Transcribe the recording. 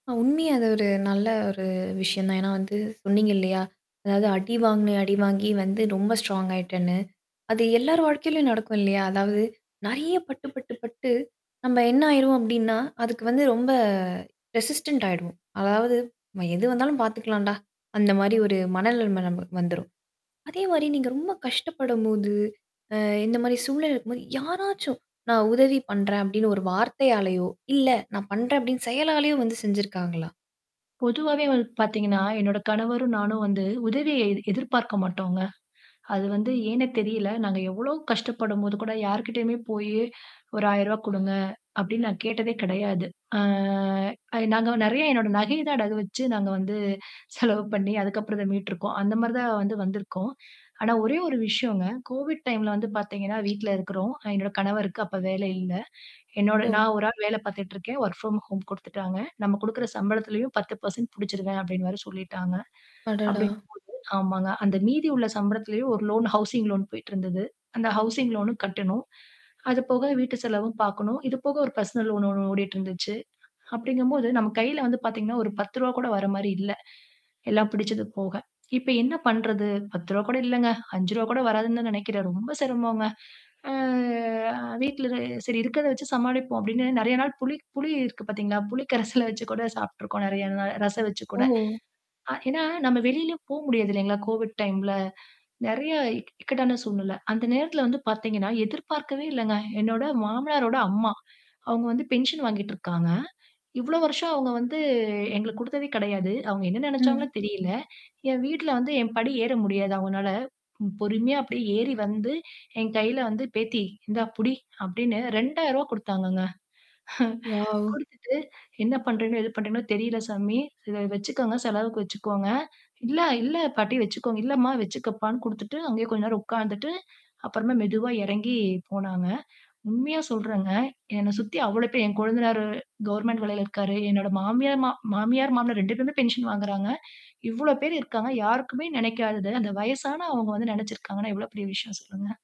உண்மைய அது ஒரு நல்ல ஒரு விஷயம் தான். ஏன்னா வந்து, சொன்னீங்க இல்லையா? அதாவது, அடி வாங்குனேன். அடிவாங்கி வந்து ரொம்ப ஸ்ட்ராங் ஆயிட்டேன்னு. அது எல்லார் வாழ்க்கையிலேயும் நடக்கும் இல்லையா? அதாவது நெறைய பட்டு, பட்டு, பட்டு நம்ப என்ன ஆயிருவோம் அப்டின்னா, அதுக்கு வந்து ரொம்ப ரெசிஸ்டன்ட் ஆயிடுவோம். அதாவது, "எது வந்தாலும் பார்த்துக்கலாம்டா!" அந்த மாரி ஒரு மனநிலம நமக்கு வந்துரும். அதே மாரி நீங்க ரொம்ப கஷ்டப்படும் போது, அ இந்த மாரி சூழ்நிலை இருக்கும் போது யாராச்சும், "நான் உதவி பண்றேன்" அப்டின்னு ஒரு வார்த்தையாலேயோ இல்ல நான் பண்றேன் அப்டின்னு செயலாலேயோ வந்து செஞ்சுருக்காங்களா? பொதுவாவே வந் பார்த்தீங்கன்னா, என்னுடைய கணவரும் நானும் வந்து உதவிய எ எதிர்பார்க்க மாட்டோங்க. அது வந்து ஏன்னே தெரியல. நாங்க எவ்வளோ கஷ்டப்படும்போது கூட யார்கிட்டயுமே போயி ஒரு ரூ. 1000 குடுங்க அப்டின்னு நான் கேட்டதே கிடையாது. ஆ அ நாங்க நெறைய என்னோட நகைய தான் அடகு வச்சு நாங்க வந்து, செலவு பண்ணி அதுக்கு அப்புறம் இத மீட்டுருக்கோம். அந்த மாரி தான் வந்து வந்திருக்கோம். ஆனா ஒரே ஒரு விஷயம்ங்க, கோவிட் டைம்ல வந்து பார்த்தீங்கன்னா, வீட்ல இருக்குறோம். என்னோட கணவருக்கு அப்ப வேலை இல்ல. என்னோட ஒ! நான் ஒரு ஆள் வேல பார்த்துட்டுருக்கேன். வொர்க் ப்ராம் ஹோம் குடுத்துட்டாங்க. நம்ம குடுக்கிற சம்பளத்திலேயும் 10% புடிச்சுருவேன் அப்டின்னு வேற சொல்லிட்டாங்க. அடடா! அப்டிங்கும் போது ஆமாங்க அந்த மீதி உள்ள சம்பளத்திலேயும் ஒரு லோன், ஹவுசிங் லோன் போயிட்டுருந்தது. அந்த ஹவுசிங் லோன்னும் கட்டணும். அது போக வீட்டு செலவும் பார்க்கணும். இது போக ஒரு பெர்சனல் லோன் ஒண்ணு ஓடிட்டு இருந்துச்சு. அப்டிங்கம் போது நம்ம கையில வந்து பார்த்தீங்கன்னா, ஒரு ரூ.10 கூட வர மாரி இல்ல. எல்லாம் பிடிச்சது போக. இப்ப என்ன பண்றது? ரு. 10 கூட இல்லங்க. ரூ.5 கூட வராதுன்னு தான் நெனைக்கிறேன் ரொம்ப சிரமம்ங்க. ஆ "அ வீட்ல சரி இருக்கத வச்சு சமாளிப்போம்" அப்டின்னு நெறைய நாள் புளி புளி இருக்கு பார்த்தீங்களா? புளி கரைசல வச்சு கூட சாப்பிட்டுருக்கோம். நெறைய நாள் ரசம் வச்சு ஓ! கூட. அ ஏன்னா, நம்ம வெளிலயும் போ முடியாது இல்லீங்களா? கோவிட் டைம்ல நெறைய இக் இக்கட்டான சூழ்நில. அந்த நேரத்தில வந்து பார்த்தீங்கன்னா, எதிர்பார்க்கவே இல்லங்க. என்னோட மாமனாரோட அம்மா, அவங்க வந்து பென்ஷன் வாங்கிட்டுருக்காங்க. இவ்வளோ வருஷம் அவங்க வந்து எங்களுக்கு குடுத்ததே கிடையாது. அவங்க என்ன நெனைச்சாங்களோ ம். தெரியில. என் வீட்ல வந்து என் படி ஏற முடியாது அவங்கனால, பொறுமையா அப்டியே ஏறி வந்து என் கையில வந்து "பேத்தி இந்தா புடி" அப்டின்னு ரூ. 2,000 குடுத்தாங்கங்க. வாவ்! குடுத்துட்டு, "என்ன பண்றீங்களோ, ஏது பண்றீங்கன்னு தெரில சாமி. இத வச்சுக்கோங்க, செலவுக்கு வச்சுக்கோங்க", "இல்ல, இல்ல பாட்டி வச்சுக்கோங்க", "இல்லமா வச்சுக்கப்பான்னு" குடுத்துட்டு அங்கேயே கொஞ்ச நேரம் உட்கார்ந்துட்டு அப்புறமா மெதுவா இறங்கி போனாங்க. உண்மையா சொல்றேங்க, என்னை சுத்தி அவ்வளோ பேர், என் கொழுந்தனாரு கவர்ன்மென்ட் வேலையில இருக்காரு. என்னோட மாமியார், மா மாமியார் மாமனார் 2 பேருமே பென்ஷன் வாங்குறாங்க. இவ்வளோ பேர் இருக்காங்க. யாருக்குமே நெனைக்காதது, அந்த வயசான அவங்க வந்து நெனைச்சுருக்காங்கன்னா, எவ்வளோ பெரிய விஷயம் சொல்லுங்க?